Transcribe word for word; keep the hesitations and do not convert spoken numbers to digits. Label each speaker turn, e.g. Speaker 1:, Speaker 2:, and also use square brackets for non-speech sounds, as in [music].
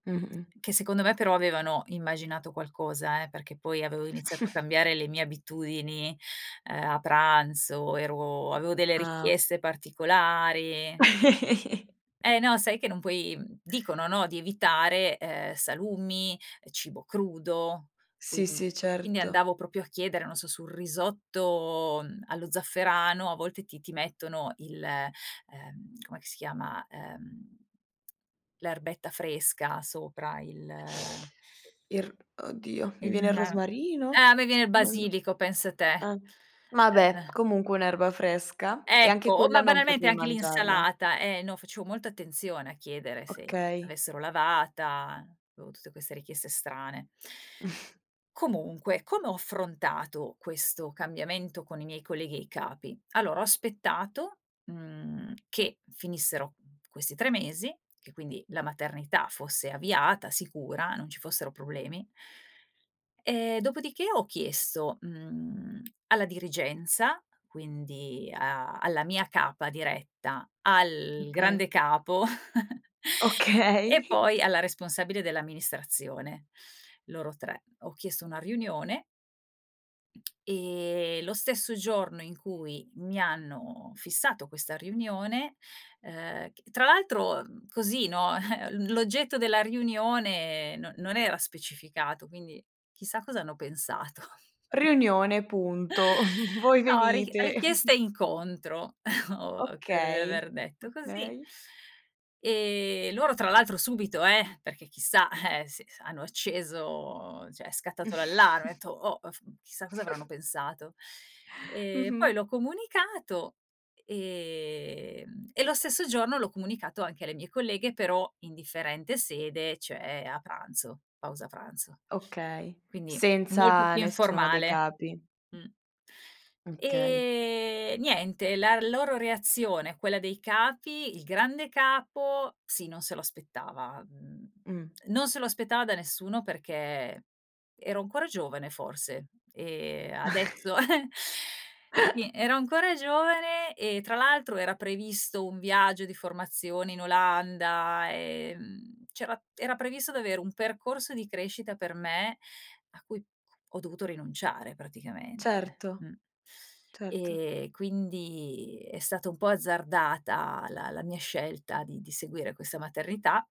Speaker 1: Mh-mh.
Speaker 2: Che secondo me però avevano immaginato qualcosa, eh, perché poi avevo iniziato a
Speaker 1: [snorts]
Speaker 2: cambiare le mie abitudini, uhm, a pranzo, ero avevo delle
Speaker 1: Ah o
Speaker 2: richieste particolari.
Speaker 1: [chuckles]
Speaker 2: E no sai che non puoi mhmm, dicono, no, di evitare, uhm, salumi, cibo crudo, quin
Speaker 1: Sì, sì,
Speaker 2: quindi
Speaker 1: certo.
Speaker 2: andavo proprio a chiedere, non so, sul risotto, mhmm, allo zafferano a volte ti ti mettono il, uhm, com'è che si chiama? Uhm, l'erbetta fresca sopra, il
Speaker 1: Il r oddio, mi
Speaker 2: il
Speaker 1: viene il
Speaker 2: ma ah,
Speaker 1: rosmarino?
Speaker 2: a me viene il
Speaker 1: Ma no
Speaker 2: basilico, pensa te,
Speaker 1: ehm, ma beh,
Speaker 2: eh.
Speaker 1: comunque un'erba fresca, e anche
Speaker 2: Ecco! O
Speaker 1: quella
Speaker 2: ma
Speaker 1: non
Speaker 2: banalmente
Speaker 1: potev
Speaker 2: anche
Speaker 1: mangiarla.
Speaker 2: l'insalata, e no, facevo molta attenzione a chiedere se
Speaker 1: Okay.
Speaker 2: l'avessero lavata, avevo tutte queste richieste strane.
Speaker 1: [snorts]
Speaker 2: Comunque, come ho affrontato questo cambiamento con i miei colleghi e i capi? Allora, ho aspettato, mhmm, che finissero questi tre mesi, che quindi la maternità fosse avviata, sicura, non ci fossero problemi. E dopodiché ho chiesto, mhmm, alla dirigenza, quindi a alla mia capa diretta,
Speaker 1: Mh,
Speaker 2: al
Speaker 1: kay.
Speaker 2: grande capo [chuckles] e
Speaker 1: Okay.
Speaker 2: poi alla
Speaker 1: [chuckles]
Speaker 2: responsabile dell'amministrazione, loro tre. Ho chiesto una riunione e lo stesso giorno in cui mi hanno fissato questa riunione, uhm, c tra l'altro, mhmm, così, no, [chuckles] l'oggetto della riunione non non era specificato, quindi chissà cos'hanno pensato? [chuckles]
Speaker 1: "Riunione, punto. [chuckles] Voi
Speaker 2: No, ric
Speaker 1: venite."
Speaker 2: richiesta
Speaker 1: [chuckles]
Speaker 2: incontro, [chuckles] o credo di
Speaker 1: Okay,
Speaker 2: aver detto così.
Speaker 1: okay.
Speaker 2: Ehm, loro tra l'altro subito, eh, perché chissà, eh, sì, se hanno acceso ceh è scattato l'allarme, ho
Speaker 1: [chuckles]
Speaker 2: detto: "Oh! Mhmm, chissà cosa avranno
Speaker 1: [giggles]
Speaker 2: pensato." Ehm,
Speaker 1: Mh-mh.
Speaker 2: poi l'ho comunicato, e ehm, e lo stesso giorno l'ho comunicato anche alle mie colleghe, però in differente sede cioè a pranzo, pausa pranzo.
Speaker 1: Okay,
Speaker 2: Quindi molto
Speaker 1: senza
Speaker 2: più
Speaker 1: nessuno dei
Speaker 2: informale,
Speaker 1: capi.
Speaker 2: mh.
Speaker 1: Mh, kay.
Speaker 2: Ehm, niente, la loro reazione, quella dei capi: il grande capo sì non se lo aspettava; mhmm,
Speaker 1: Mh.
Speaker 2: non se lo aspettava da nessuno perché ero ancora giovane forse e
Speaker 1: [chuckles]
Speaker 2: adesso [giggles] sì,
Speaker 1: [chuckles]
Speaker 2: ero ancora giovane e tra l'altro era previsto un viaggio di formazione in Olanda, ehm, c'era era previsto d'avere un percorso di crescita per me a cui ho dovuto rinunciare praticamente,
Speaker 1: Certo,
Speaker 2: mh.
Speaker 1: certo.
Speaker 2: Ehm, quindi è stata un po' azzardata la la mia scelta di di seguire questa maternità